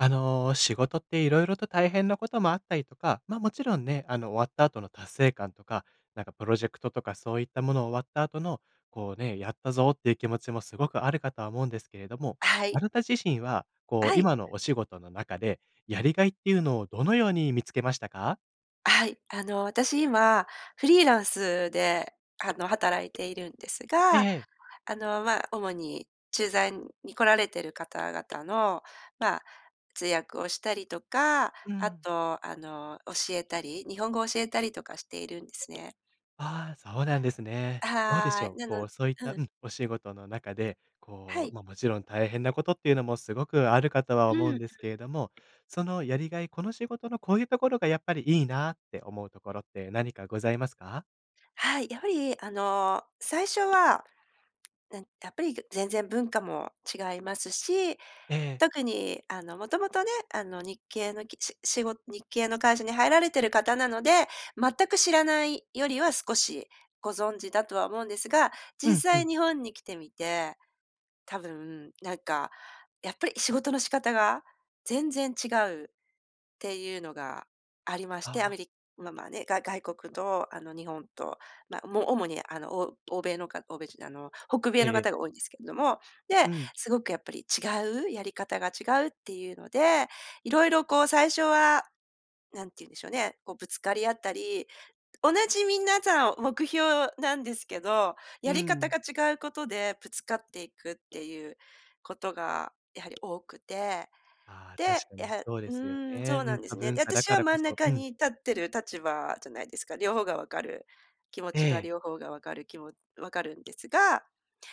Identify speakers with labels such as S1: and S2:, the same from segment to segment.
S1: あの、仕事って色々と大変なこともあったりとか、ま、もちろんね、あの、終わった後の達成感とか、なんかプロジェクトとかそういったもの終わった後の、こうね、やったぞっていう気持ちもすごくあるかとは思うんですけれども、
S2: は
S1: あ
S2: い。
S1: なた自身はこう、
S2: はい。
S1: 今のお仕事の中でやりがいっていうのをどのように見つけましたか？
S2: はい、あの、私今フリーランスで、あの、働いているんです
S1: え
S2: が、
S1: え。
S2: あの、まあ、主に駐在に来られてる方々のまあ、通訳をしたりとか、
S1: う
S2: あ
S1: ん。
S2: とあの、教えたり日本語を教えたりとかしているんですね。
S1: ああ、そうなんですね。どうでし
S2: は、
S1: ょう、
S2: な
S1: こ
S2: の
S1: う、そういっ
S2: う
S1: たう
S2: ん。
S1: ん、お仕事の中で
S2: は
S1: こう、
S2: い。
S1: ま、もちろん大変なことっていうのも、すごくあるかとは
S2: う
S1: 思うん
S2: ん。
S1: ですけれども、その、やりがい、この仕事のこういうところがやっぱりいいなって思うところって何かございますか？
S2: はい、やはりあの、最初は、なん、やっぱり、ぐ全然文化も違いますし、
S1: ええ。
S2: 特に、あの、元々ね、あの、日系のきししご日系の会社に入られてる方なので、全く知らないよりは少しご存知だとは思うんですが、
S1: う
S2: 実
S1: んう
S2: 際
S1: ん。
S2: 日本に来てみて、多分なんかやっぱり仕事の仕方が全然違うっていうのがありまし
S1: あ
S2: て、アメ
S1: あ。
S2: リままあ、ね、が外国と、あの、日本と、ま、も、主にあの、お欧米のか欧米じゃ、あの、北
S1: え
S2: 米の
S1: えええ。
S2: 方が多いんですけれども、
S1: う
S2: で、
S1: ん。
S2: すごくやっぱり違う、やり方が違うっていうので、色々こう、最初は、何ていうんでしょうね、こう、ぶつかり合ったり、同じ皆さん目標なんですけど、
S1: う
S2: やり方
S1: ん。
S2: が違うことでぶつかっていくっていうことがやはり多くて。
S1: ああ、
S2: で、
S1: 確か
S2: や
S1: に
S2: は
S1: そうで
S2: う
S1: すよ
S2: ーん、
S1: ね。
S2: そう
S1: う
S2: な
S1: ん、
S2: んで
S1: 多
S2: すね。
S1: 文
S2: で、
S1: 化だ
S2: 私
S1: か
S2: は
S1: らこ
S2: 真ん
S1: そ
S2: 中
S1: うん。
S2: に立ってる立場じゃないですか、両方が分かる。気持
S1: え
S2: ちが
S1: え。
S2: 両方が分かる、きも分かるんですが、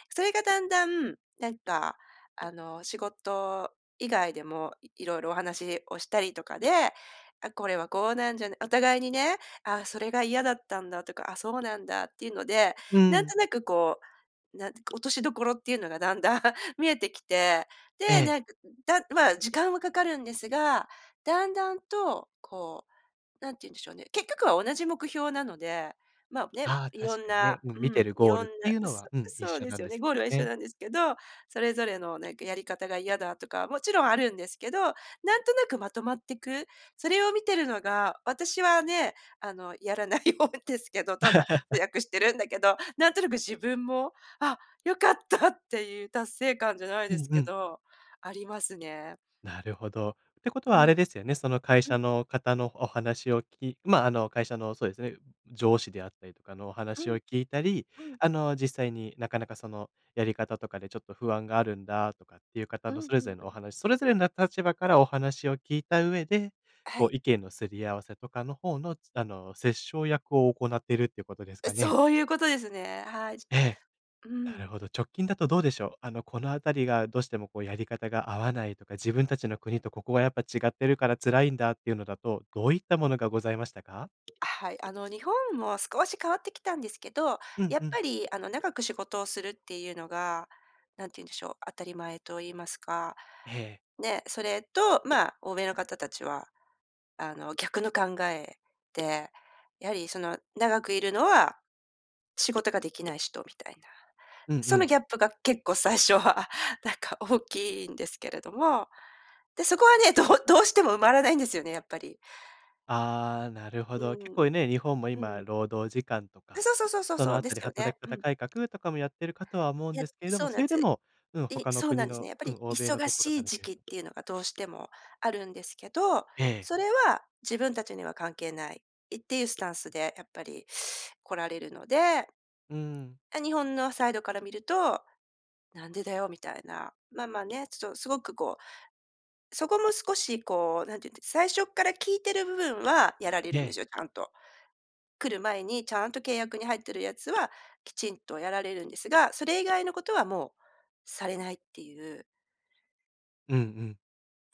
S2: それがだんだん、なんか、あの、仕事以外でも色々お話をしたりとかで、あ、これはこうなんじゃなお互いにね、ああ、それが嫌だったんだとか、あ、そうなんだっていうので、
S1: う
S2: なん
S1: ん。
S2: となくこう、なん落としどころっていうのがだんだん見えてきて、
S1: え
S2: で、
S1: え。
S2: なんか、だまあ、時間はかかるんですが、だんだんと、こう、何て言うんでしょうね、結局は同じ目標なので、まあ、ね、
S1: ああ、
S2: いろ
S1: 確
S2: ん
S1: かにね。
S2: な
S1: うん、
S2: う
S1: 見て
S2: ん、
S1: る
S2: い
S1: ゴー
S2: ろ
S1: ルっ
S2: んな、
S1: ていうの
S2: そ
S1: は、
S2: う、
S1: うん、一
S2: そう
S1: 緒
S2: で
S1: な
S2: す
S1: ん
S2: よ
S1: で
S2: ね、
S1: す
S2: ゴールは一緒
S1: ね。
S2: なんですけど、それぞれのなんかやり方が嫌だとか、もちろんあるんですけど、なんとなくまとまってく、それを見てるのが、私はね、あの、やらないようですけど、ただ通 訳してるんだけど、なんとなく自分も「あ、良かった」っていう達成感じゃない
S1: う
S2: で
S1: ん
S2: す
S1: う
S2: け
S1: ん。
S2: ど、ありますね。
S1: なるほど。てこと
S2: う
S1: はあれ
S2: ん。
S1: ですよね、その会
S2: う
S1: 社
S2: ん。
S1: の方のお話を聞き、まあ、あの、会社の、そうですね、上司であったりとかのお
S2: う
S1: 話を
S2: ん。
S1: 聞いたり、
S2: うん。
S1: あの、実際になかなかその、やり方とかでちょっと不安があるんだとかっていう方
S2: うん
S1: の
S2: う
S1: それ
S2: ん
S1: ぞれ
S2: う
S1: のお
S2: ん。
S1: 話、それぞれな立場からお話を聞いた上で、
S2: は
S1: こ
S2: い。
S1: う、意見のすり合わせとかの方の、つあの、折衝役を行ってるってことですかね？
S2: そういうことですね。はい、
S1: ええ、
S2: う
S1: なる
S2: ん。
S1: ほど。直近だとどうでしょう。あの、このあたりがどうしてもこう、やり方が合わないとか、自分たちの国とここはやっぱ違ってるから辛いんだっていうのだと、どういったものがございましたか？
S2: あ、はい、あの、日本も少し変わってきたんですけど、
S1: うん
S2: や
S1: う
S2: っ
S1: ん。
S2: ぱりあの、長く仕事をするっていうのが、何て言うんでしょう、当たり前と言いますか。
S1: ええ。
S2: ね、それと、まあ、欧米の方たちは、あの、逆の考えで、やはりその、長くいるのは、仕事ができない人みたいな。
S1: うんう
S2: その、
S1: ん。
S2: ギャップが結構最初はなんか大きいんですけれども、で、そこはね、どどうしても埋まらないんですよね、やっぱり。
S1: ああ、なるほ
S2: う
S1: ど。結
S2: ーん。
S1: 構ね、日本も
S2: う
S1: 今
S2: ん。
S1: 労働時間とか、
S2: そうそうそうそう
S1: そ
S2: そ
S1: の
S2: う、
S1: あ
S2: で
S1: た
S2: す
S1: り
S2: よ
S1: 働
S2: ね。
S1: き
S2: う
S1: 方
S2: ん。
S1: 改革とかもやってるかとは思うん
S2: い
S1: で
S2: や、
S1: すけれども、
S2: そう
S1: そ
S2: なん
S1: れで
S2: つ。
S1: もうん、
S2: い
S1: 他の
S2: そうな
S1: 国
S2: んです
S1: の
S2: ね。やっぱ
S1: う
S2: り
S1: ん、欧米の
S2: 忙
S1: とこ
S2: し
S1: ろか
S2: い
S1: ら
S2: 時
S1: 見る
S2: 期っ
S1: と…
S2: ていうのがどうしてもあるんですけど、
S1: ええ。
S2: それは自分たちには関係ない、いっていうスタンスでやっぱり来られるので
S1: うーん。
S2: あ、日本のサイドから見ると「なんでだよ」みたいな。まあまあね、ちょっとすごくこう、そこも少しこう、何て言うんです、最初っから聞いてる部分はやられ
S1: え
S2: るんで
S1: え。
S2: すよ、ちゃんと。来る前にちゃんと契約に入ってるやつは、きちんとやられるんですが、それ以外のことはもう、されないっていう。
S1: うんうん。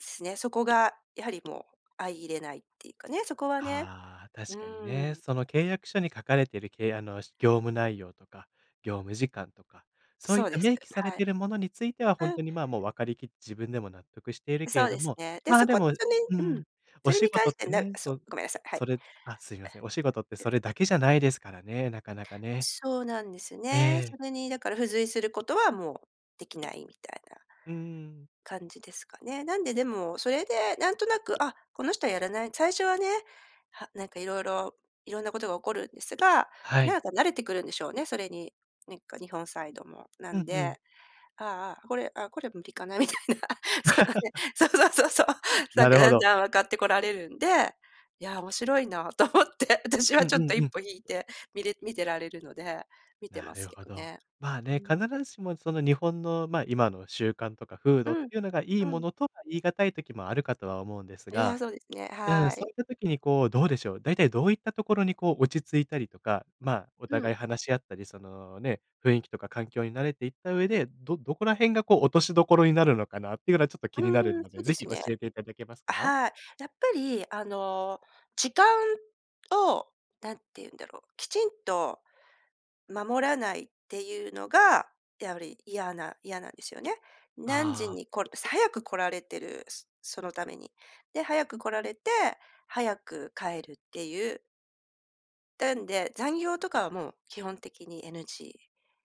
S2: つですね、そこがやはりもう相いれないっていうかね、そこはね、
S1: あ、
S2: う
S1: 確かにね。
S2: ん。
S1: その契約書に書かれているけいあの業務内容とか、業務時間とか、そうい
S2: そ
S1: っ
S2: う
S1: た
S2: です、
S1: 明記され
S2: は
S1: て
S2: い。
S1: るものについては本
S2: うん。
S1: 当にまあもう分かりきって自分でも納得しているけ
S2: そ
S1: れ
S2: う
S1: ど
S2: です
S1: も、
S2: ね。で、
S1: まあ
S2: そ
S1: で
S2: こ、
S1: も
S2: そ
S1: う
S2: れう
S1: ん、
S2: ん。
S1: お
S2: それ
S1: 仕
S2: に関
S1: 事っ
S2: して
S1: て
S2: な
S1: ね、そ
S2: そう、
S1: う、
S2: ごめんなさい、はい。
S1: それあ、すいません、お仕事って
S2: え。
S1: そ
S2: で
S1: れだけじゃないですからね、なかなかね。
S2: そうなんです
S1: え
S2: ね。
S1: え。
S2: それにだから付随することはもうできないみたいな
S1: うん。
S2: 感じですかね。なんで、でも、それでなんとなく、あ、この人はやらない最初はね、はなんか色々、色んなことが起こるんですが、
S1: はい。
S2: なんか慣れてくるんでしょうね、それに、なんか日本サイドも。な
S1: う
S2: ん
S1: んうん。
S2: で、ああ、これ、あ、これ無理かなみたいな。そんなね、そうそうそうそう。な
S1: な
S2: んか
S1: るほ
S2: だん
S1: ど。
S2: だん分かってこられるんで、いやあ、面白いなと思って、私
S1: う
S2: は
S1: んう
S2: ちょっと
S1: ん
S2: 一
S1: うん。
S2: 歩引いてみれ見てられるので、見て
S1: な
S2: ます
S1: る
S2: け
S1: ほ
S2: ど
S1: ど。
S2: ね。
S1: まあ
S2: う
S1: ね、必
S2: ん。
S1: ずしもその日本の、ま、今の習慣とか風
S2: う
S1: 土っ
S2: ん、
S1: ていうのがいい
S2: う
S1: も
S2: ん。
S1: のとは言い難い時もあるかとは思うんです
S2: いや、
S1: が。
S2: そうですね、
S1: うん。
S2: は
S1: そう
S2: い。
S1: いった時にこう、どうでしょう、だいたいどういったところにこう落ち着いたりとか、まあ、お
S2: う
S1: 互
S2: ん。
S1: い話し合ったり、その、ね、雰囲気とか環境に慣れていった上で、どどこら辺がこう落としどころになるのかなっていうのはちょっと気になる
S2: うん、
S1: の
S2: そ
S1: で、
S2: うで
S1: 是非
S2: す
S1: 教
S2: ね。
S1: えていただけます
S2: あ、
S1: か？
S2: はい。やっぱり、あの、時間、を、何て言うんだろう、きちんと、守らないっていうのが、やわり嫌な嫌なんですよね。何時
S1: あ。
S2: にこる早く来られてる、そそのために。で、早く来られて、早く帰るっていうなんで、残業とかはもう基本的に NG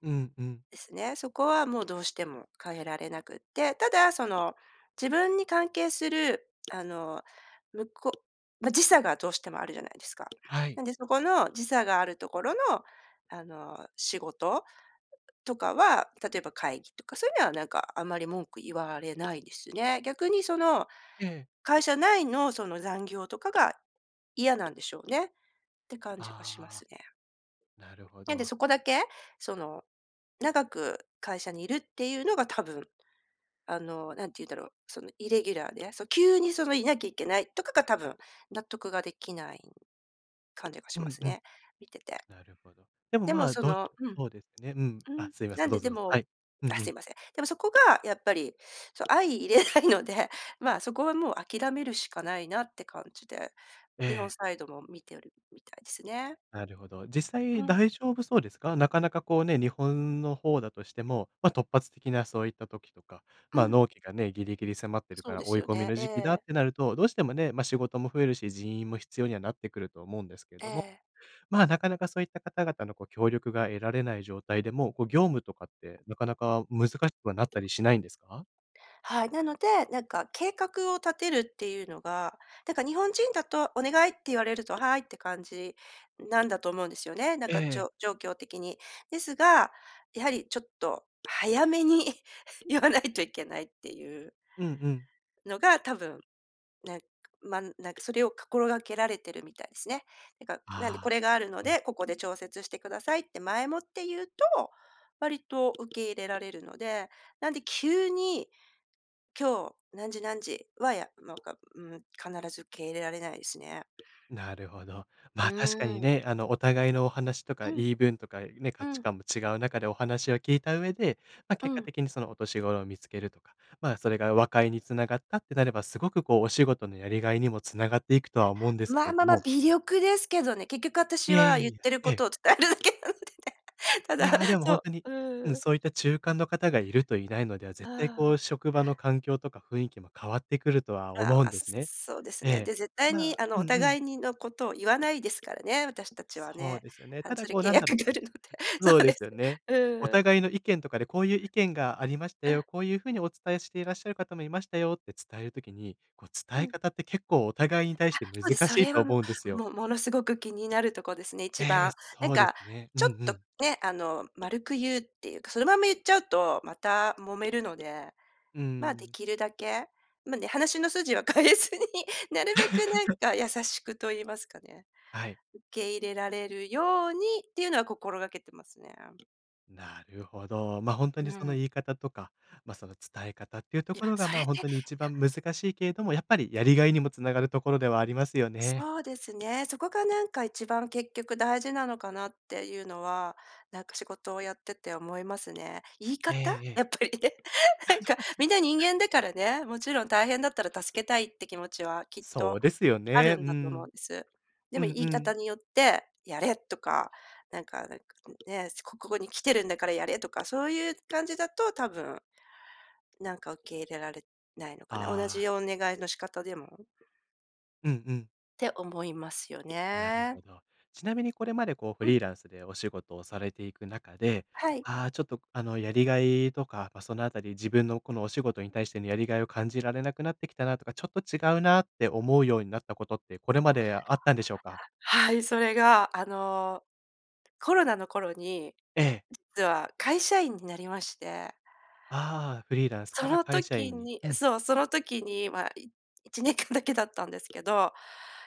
S1: うんうん。
S2: ですね、そこはもうどうしても変えられなくって、ただ、その、自分に関係する、あの、むこまあ、時差がどうしてもあるじゃないですか。
S1: はい。
S2: なんで、そこの時差があるところの、あの、仕事とかは、例えば会議とか、そういうのはなんかあまり文句言われないですね。逆にその、
S1: ええ。
S2: 会社内の、その、残業とかが、嫌なんでしょうね、て感じがしま
S1: ああ、
S2: すね。
S1: なるほ
S2: なんで
S1: ど。
S2: そこだけ、その、長く会社にいるっていうのが多分、あの、何て言うんだろう、その、イレギュラーで、急に、その、いなきゃいけないとかが、多分納得ができない感じがし
S1: う
S2: ま
S1: ん
S2: す
S1: うん。
S2: ね、見てて。
S1: なるほど。でも、
S2: で
S1: ま
S2: も、
S1: あ、
S2: そ
S1: どう
S2: のうん。
S1: そうですね。うん。
S2: う
S1: あ、
S2: ん、
S1: すいま
S2: な
S1: せん、
S2: ん
S1: どう
S2: で、
S1: ぞ
S2: で
S1: ど、は
S2: も
S1: い。うんう
S2: あ、すい
S1: ん。
S2: ません。でもそこがやっぱり、そう相容れないので、まあ、そこはもう諦めるしかないなって感じで、
S1: え
S2: 日本
S1: え。
S2: サイドも見ておりみたいですね。
S1: なるほど。実際、
S2: うん。
S1: 大丈夫そうですか？なかなかこうね、日本の方だとしても、ま、突発的なそういった時とか、
S2: う
S1: まあ、
S2: ん。
S1: 納期がね、ギリギリ迫ってるか
S2: そう
S1: ら、
S2: で
S1: 追い
S2: すよ
S1: 込み
S2: ね、
S1: の
S2: え
S1: 時期だっ
S2: え。
S1: てなると、どうしてもね、ま、仕事も増えるし、人員も必要にはなってくると思うんですけれ
S2: え
S1: ども、
S2: え。
S1: まあ、なかなかそういった方々のこう、協力が得られない状態でもこう、業務とかって、なかなか難しくはなったりしないんですか？
S2: はい、なので、なんか計画を立てるっていうのが、なんか日本人だとお願いって言われると、「はい」って感じなんだと思うんですよね。なん
S1: え
S2: か、ち
S1: え。
S2: ょ状況的に。ですが、やはりちょっと、早めに言わないといけないっていう
S1: うんうん。
S2: のが、多分、ね、ま、なんかそれをかころがけられてるみたいすね。なんか、なんでこ
S1: ああ、
S2: れがある
S1: なる
S2: の
S1: ほど。
S2: で、ここで調節してくださいって、前もって言うと、割と受け入れられるので、なんで急に、今日、何時何時は、やなんか、うーん、必ず受け入れられないですね。
S1: なるほど。ま
S2: う
S1: あ、確かに
S2: ん。
S1: ね、あの、お互いのお話とか
S2: うん。
S1: 言い分とかね、
S2: う
S1: 価値
S2: ん。
S1: 観も違う中でお話を聞いた上で、ま、
S2: う
S1: 結果
S2: ん。
S1: 的にその落としごろを見つけるとか、ま、それが和解に繋がったってなれば、すごくこう、お仕事のやりがいにも繋がっていくとは思うんですけ
S2: ま
S1: れど
S2: まま、
S1: も。
S2: 微力ですけどね。結局、
S1: い
S2: 私
S1: やい
S2: は
S1: や
S2: 言っ
S1: いや、
S2: てる
S1: え
S2: こ
S1: え。
S2: とを伝えるだけなんでね。た
S1: い
S2: だ
S1: や、でも、ほん
S2: そ
S1: とに
S2: う、
S1: うん、
S2: うん。
S1: そういった中間の方がいるといないのでは、絶対
S2: あ
S1: こう、
S2: あ。
S1: 職場の環境とか雰囲気も変わってくるとは
S2: あ
S1: 思うん
S2: あ、
S1: ですね。
S2: そうです
S1: え
S2: ね。
S1: え。
S2: で、絶
S1: た
S2: 対に、
S1: だ
S2: あの、
S1: う
S2: お
S1: んうん。
S2: 互いにのことを言わないですからね、私たちは
S1: そう
S2: ね。
S1: ですよね。
S2: あ
S1: た
S2: の、
S1: だ、
S2: それ
S1: こう
S2: 契
S1: なんだ
S2: 約
S1: ろ
S2: があ
S1: う。
S2: るので。そ
S1: そう
S2: う
S1: で
S2: で
S1: す
S2: す。
S1: よね。お
S2: うん。
S1: 互いの意見とかでこういう意見がありました
S2: う
S1: よ、
S2: ん。
S1: こういう風にお伝えしていらっしゃる方もいましたよって伝える時に、こう、
S2: う
S1: 伝え
S2: ん。
S1: 方って結構お互いに対
S2: あ、
S1: して難
S2: そうで、そ
S1: しい
S2: れ
S1: と
S2: はも
S1: 思うんです
S2: う、
S1: よ。
S2: もものすごく気になるとこですね、
S1: え
S2: 一
S1: え、
S2: 番。なん
S1: そうです
S2: か
S1: ね。うん
S2: ちょっ
S1: う
S2: と
S1: ん。
S2: ね、あの、丸く言うっていうか、そのまま言っちゃうとまた揉めるので、
S1: う
S2: ま、で
S1: ん。
S2: きるだけ、まあ、ね、話の筋は変えずに、なるべく なんか優しくと言いますかね。
S1: はい。
S2: 受け入れられるようにっていうのは心がけてますね。
S1: なるほど。ま、ほんと
S2: う
S1: にその
S2: ん。
S1: 言い方とか、ま、その伝え方っていうと
S2: いや、
S1: ころが、
S2: そ
S1: ま
S2: れっ
S1: あ、ほん
S2: て。いや
S1: とに一番難しいけれども、やっぱりやりがいにも繋がるところではありますよね。
S2: そうですね、そこがなんか、一番結局大事なのかなっていうのは、なんか仕事をやってて思いますね。言い
S1: ええ
S2: 方？
S1: ええ。
S2: やっぱりね。なんかみんな人 間だからね、もちろん大変だったら助けたいって気持ちは、きっ
S1: そ
S2: と
S1: うですよ
S2: ある
S1: ね。う
S2: んだと思う
S1: ん。
S2: んです。で
S1: う
S2: も、
S1: ん
S2: 言
S1: う
S2: い方
S1: ん。
S2: によって「やれ！」とか、なんかなんか、こむね、そ「ここに来てるんだからやれ」とか、そういう感じだと多分、なんか受け入れられないのかな？同
S1: あ
S2: じ
S1: あ。
S2: お願いの仕方でも。
S1: うんうん。
S2: て思いますよ
S1: なる
S2: ね。
S1: ほど。ちなみにこれまでこうフ
S2: うん。
S1: リーランスでお仕事をされていく中で、
S2: はい。
S1: ああ、ちょっと、あの、やりがいとか、ま、そのあたり自分のこのお仕事に対してのやりがいを感じられなくなってきたなとか、ちょっと違うなって思うようになったことって、これまであったんでしょうか？
S2: はい、それがあのコロナの頃に
S1: ええ。
S2: 実は会社員になりまして。
S1: ああ、フリーランスか
S2: そ
S1: ら
S2: の
S1: 会社
S2: 時
S1: 員に。
S2: に
S1: うん。
S2: そう、その時には1年間だけだったんですけど、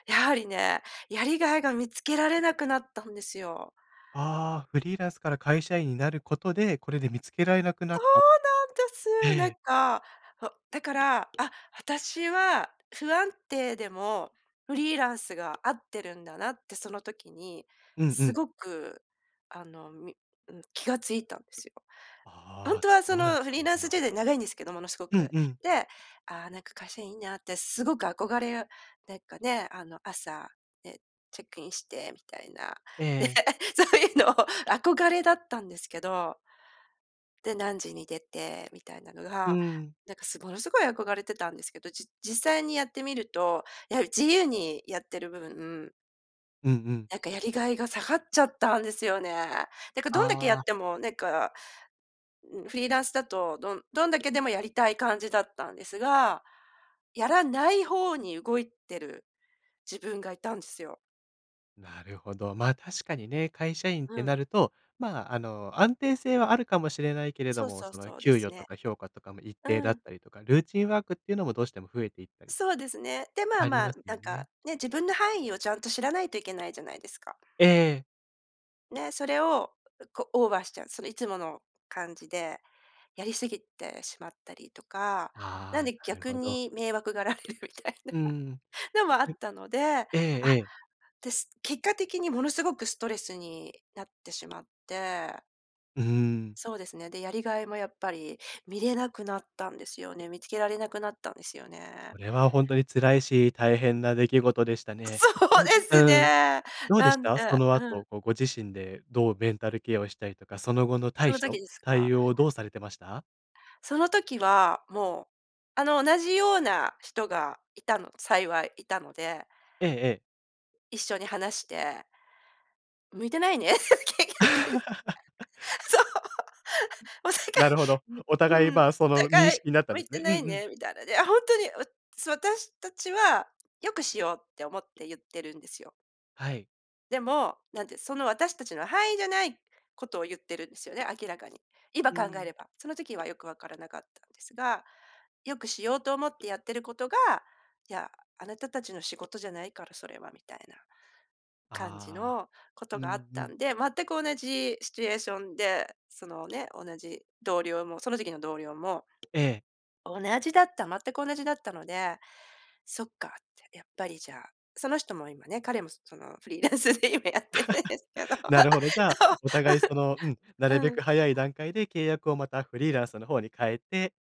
S2: やはりね、やりがいが見つけられなくなったんですよ。
S1: ああ、フリーランスから会社員になることで、これで見つけられなくな
S2: そ
S1: っ
S2: う
S1: た。
S2: なんで
S1: え
S2: す。なん
S1: え。
S2: か、あ、だから、あ、私は不安定でもフリーランスが合ってるんだなってその時に
S1: うんう
S2: す
S1: ん。
S2: ごくあのみうん、気が付いたんですよ。本
S1: ああ、
S2: 当はそ
S1: そうだっ
S2: のフ
S1: た
S2: リー
S1: ん
S2: ランスジェ
S1: だ。
S2: ネ長いんですけど、ものすご
S1: うん
S2: く。
S1: うん。
S2: で、ああ、なんか会社員いいなってすごく憧れ、なんかね、あの朝、ね、チェックインしてみたいな。
S1: え
S2: で、
S1: え。
S2: そういうの憧れだったんですけど。で、何時に出てみたいなの
S1: う
S2: が、
S1: ん。
S2: なんかすごものすごい憧れてたんですけど、じ実際にやってみると、やはり自由にやってる部分
S1: うんうん。
S2: なんかやりがいが下がっちゃったんですよね。なんかどんだけや
S1: ああ。
S2: っても、なんかうん、フリーランスだと、どんどんだけでもやりたい感じだったんですが、やらない方に動いてる自分がいたんですよ。
S1: なるほど、ま、確かにね、会社員っ
S2: う
S1: て
S2: ん。
S1: なると、まあ、あの、安定性はあるかもしれないけれど
S2: そう
S1: も、
S2: そう
S1: その、
S2: そうで
S1: 給
S2: す
S1: 与と
S2: ね。
S1: か評価とかも一
S2: う
S1: 定だっ
S2: ん。
S1: たりとか、ルーティンワークっていうのもどうしても増えていったりと。
S2: そうですね。で、まあ
S1: あり
S2: ま
S1: ま
S2: あ、
S1: す
S2: な
S1: よ
S2: ん
S1: ね。
S2: か、ね、自分の範囲をちゃんと知らないといけないじゃないですか。
S1: ええ。
S2: で、それを、こオーバーしちゃうそれいつもの感じでやりすぎてしまったりとか、なん
S1: あ、
S2: で
S1: なる
S2: 逆
S1: ほど。
S2: に迷惑がられるみたい
S1: うん。
S2: なのもあ
S1: は
S2: っ
S1: い。
S2: たので。あ、
S1: ええ。
S2: で、結果的にものすごくストレスになってしまって。
S1: うん。
S2: そうですね。で、やりがいもやっぱり見れなくなったんですよね、見つけられなくなったんですよね。
S1: それは本当に辛いし、大変な出来事でしたね。
S2: そうで
S1: [unintelligible]
S2: す
S1: うん、
S2: ね。
S1: どうで
S2: な
S1: し
S2: ん
S1: た、そ
S2: た
S1: の
S2: うん。
S1: 後、こうご自身でどうメンタルケアをしたりとか、その後の
S2: そ
S1: 対
S2: の時
S1: 処、
S2: です
S1: 対
S2: か？
S1: 応をどうされてました？
S2: その時はもう、あの、同じような人がいたの、幸いいたので。
S1: ええええ。
S2: 一緒に話して。向いてないね、結局。そう。おさか
S1: なるほど。
S2: い、う
S1: お互
S2: う
S1: い、
S2: ん、お
S1: まあ、その認
S2: 互い、
S1: 識なったん
S2: 向
S1: で
S2: い
S1: す
S2: て
S1: ね。うんう
S2: ない
S1: ん。
S2: ね、みたいなで、あ、ほんとに、わす私たちは、よくしようって思って言ってるんですよ。
S1: はい。
S2: でも、なんて、その私たちの範囲じゃないことを言ってるんですよね、明らかに。今
S1: う
S2: 考え
S1: ん。
S2: れば。その時はよく分からなかったんですが。よくしようと思ってやってることが「いや、あなたたちの仕事じゃないからそれは」みたいな、感じ
S1: ああ。
S2: のこと
S1: う
S2: があっ
S1: んう
S2: た
S1: ん。
S2: んで、全く同じシチュエーションで、その、ね、同じ同僚も、その時期の同僚も、
S1: ええ。
S2: 同じだった、全く同じだったので「そっか」って。やっぱり、じゃあ、その人も今ね、彼もその、フリーランスで今やってるんですけど。
S1: なるほど。じゃあ、
S2: そう、わ
S1: お互い、そのうん、な
S2: ふ。
S1: るべ
S2: うん。
S1: く早い段階で契約を、また、フリーランスの方に変えて、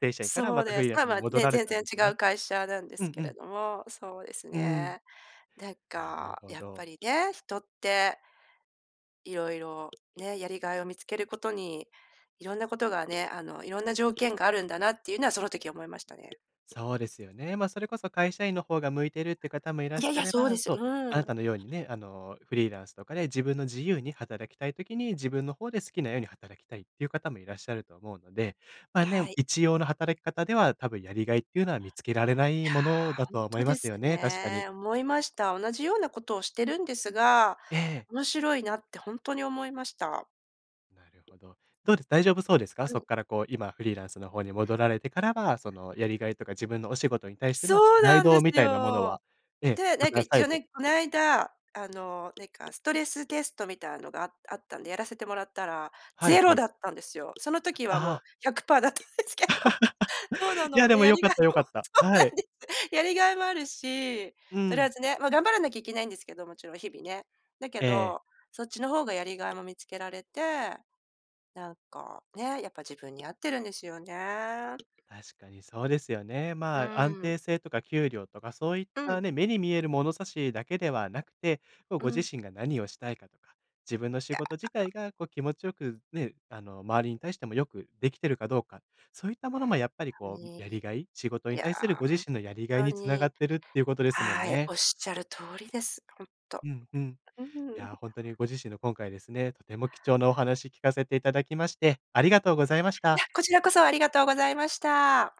S1: 正社員から
S2: そ
S1: ま
S2: う
S1: たフ
S2: で
S1: リ
S2: す。
S1: ーラン
S2: ま
S1: ス
S2: あ
S1: に
S2: まあ、
S1: 戻
S2: ね、
S1: られ
S2: 全
S1: たん
S2: 然
S1: で
S2: 違
S1: す
S2: う
S1: ね。
S2: 会社なんで
S1: うん
S2: すけ
S1: う
S2: れ
S1: ん。
S2: ども。そうです
S1: うん。
S2: ね。なん
S1: なる
S2: か、
S1: ほ
S2: やっぱ
S1: ど。
S2: りね、人って、いろいろね、やりがいを見つけることに、いろんなことがね、あの、いろんな条件があるんだなっていうのは、その時思いましたね。
S1: そうですよね。ま、それこそ会社員の方が向いてるって方もいらっ
S2: いや
S1: し
S2: い
S1: ゃ
S2: や、
S1: れ
S2: そう
S1: ば
S2: です。
S1: そう、あ
S2: う
S1: な
S2: ん。
S1: たのようにね、あの、フリーランスとかで自分の自由に働きたい時に、自分の方で好きなように働きたいっていう方もいらっしゃると思うので。まあ、ね、
S2: はい。
S1: 一様の働き方では多分やりがいっていうのは、見つけられない
S2: い
S1: もの
S2: や、
S1: だ
S2: ほ
S1: と
S2: ん
S1: は思
S2: と
S1: いま
S2: で
S1: す
S2: す
S1: よね、確かに。
S2: ね。思いました。同じようなことをしてるんですが、
S1: ええ。
S2: 面白いなってほんとに思いました。
S1: なるほど。どうです、大丈夫そうですか？
S2: う
S1: そっ
S2: ん。
S1: からこう、今フリーランスの方に戻られてからは、その、やりがいとか自分のお仕事に対しての
S2: そ
S1: プ
S2: う
S1: ライ
S2: なん
S1: ド
S2: で
S1: み
S2: す
S1: たいなもの
S2: よ。
S1: はええ、
S2: で、
S1: ま
S2: なんか
S1: た
S2: 一
S1: 再
S2: 応
S1: 度
S2: ね、こないだ、あの、なんかストレステストみたいのが、あ-あったんで、やらせてもらったら、
S1: はい
S2: ぜ
S1: は
S2: ろ
S1: い。
S2: だったんですよ。その時は
S1: あ
S2: もう
S1: あ。
S2: 100%だったんですけど。そうな
S1: いや、
S2: の、
S1: で
S2: で、
S1: も、
S2: や
S1: よ
S2: り
S1: かっ
S2: がい
S1: たよか
S2: も
S1: っ
S2: そ
S1: た。
S2: うな
S1: はい。
S2: んです。やりがいもあるし、
S1: う
S2: とりあ
S1: ん。
S2: えずね、ま、頑張らなきゃいけないんですけど、もちろん、日々ね。だけ
S1: ええ。
S2: ど、そっちの方がやりがいも見つけられて。なんか、ね、やっぱ自分に合ってるんですよね。
S1: 確かにそうですよね。
S2: う
S1: まあ、安
S2: ーん。
S1: 定性とか給料とかそういっ
S2: うん。
S1: たね、目に見える物差しだけではなくて、こう、
S2: う
S1: ご自
S2: ん。
S1: 身が何をしたいかとか、自分の
S2: い
S1: 仕
S2: や。
S1: 事自体がこう気持ちよく、ね、あの、周りに対してもよくできてるかどうか。そういったものもやっぱり
S2: ほん
S1: こ
S2: と
S1: う、やり
S2: に。
S1: がい？仕事
S2: い
S1: に
S2: や、
S1: 対するご自身のやりがい
S2: ほん
S1: に
S2: と
S1: 繋がっ
S2: に。
S1: てるっていうことですもん
S2: はい、
S1: ね。
S2: おっしゃる通りです。ほんと。
S1: うんうん。
S2: う
S1: い
S2: ん。
S1: や、ほんとにご自身の、今回ですね、とても貴重なお話聞かせていただきまして、ありがとうございました。
S2: や、こちらこそありがとうございました。